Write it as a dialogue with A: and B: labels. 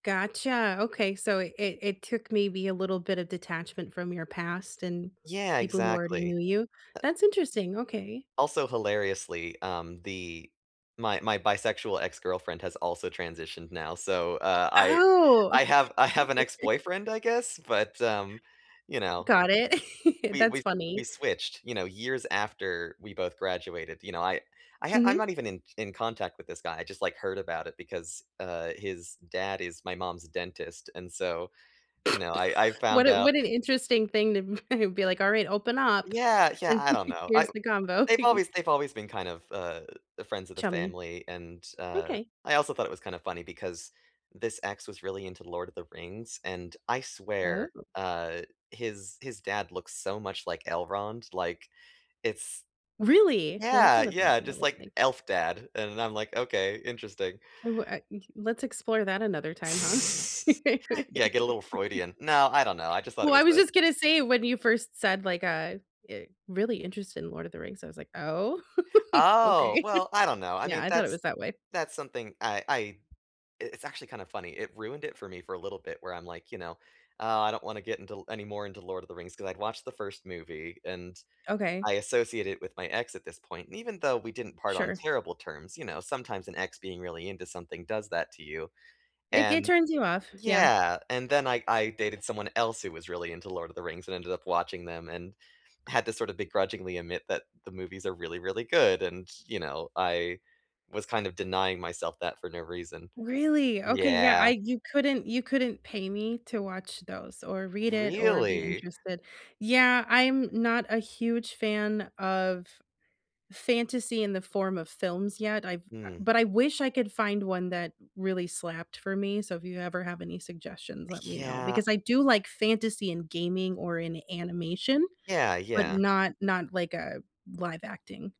A: Gotcha. Okay. So it it it took maybe a little bit of detachment from your past and
B: Yeah.
A: people who already
B: Exactly.
A: knew you. That's interesting. Okay.
B: Also, hilariously, um, the my my bisexual ex-girlfriend has also transitioned now. So, uh, I
A: Oh.
B: I have I have an ex-boyfriend, I guess, but, um, you know,
A: Got it.
B: we we
A: That's
B: s
A: funny.
B: we switched, you know, years after we both graduated, you know, I I h I'm
A: Mhm.
B: not even in t in contact with this guy. I just, like, heard about it because, uh, his dad is my mom's dentist, and so, you know, I I
A: What
B: found
A: a
B: out
A: what an interesting thing to be like, "Alright, open up,
B: Yeah. Yeah.
A: and
B: I don't know. I
A: here's the combo."
B: they've always they've always been kind of uh, the friends of the
A: Chummy.
B: family. And, uh,
A: Okay.
B: I also thought it was kind of funny because this ex was really into Lord of the Rings, and I swear,
A: Oh.
B: uh, his his dad looks so much like Elrond. Like, it's
A: Really? Well, that's
B: yeah.
A: not a bad
B: Yeah.
A: thing to
B: Just
A: look
B: like
A: like.
B: elf dad. And I'm like, okay. Interesting.
A: W uh, I eh e Let's explore that another time, huh?
B: Yeah. Get a little Freudian. No. I don't know. I just thought it
A: Well, I
B: was
A: was
B: the
A: just gonna say it, when you first said like a eh "Really interested in Lord of the Rings." I was like, "Oh?
B: Oh,
A: okay.
B: well, I don't know. I
A: Yeah."
B: mean,
A: I thought it
B: that's
A: was that way.
B: that's something I I it's actually kinda funny. It ruined it for me for a little bit where I'm like, "You know, oh, I don't wanna get into l anymore into Lord of the Rings." 'Cause I'd watched the first movie, and
A: Okay.
B: I associate it with my ex at this point. And even though we didn't part on
A: Sure.
B: terrible terms, you know, sometimes an ex being really into something does that to you.
A: It it
B: And
A: turns you off. Yeah.
B: yeah. And then I I dated someone else who was really into Lord of the Rings and ended up watching them and had to sort of begrudgingly admit that the movies are really, really good. And, you know, I was kind of denying myself that for no reason.
A: Really? Okay. Yeah,
B: Yeah.
A: I you couldn't you couldn't pay me to watch those, or read it, or be
B: Really?
A: interested. Yeah, I'm not a huge fan of fantasy in the form of films yet, I've
B: Hmm.
A: but I wish I could find one that really slapped for me. So if you ever have any suggestions, let me know.
B: Yeah.
A: Because I do like fantasy in gaming or in animation,
B: Yeah.
A: but
B: Yeah.
A: not not like a live acting.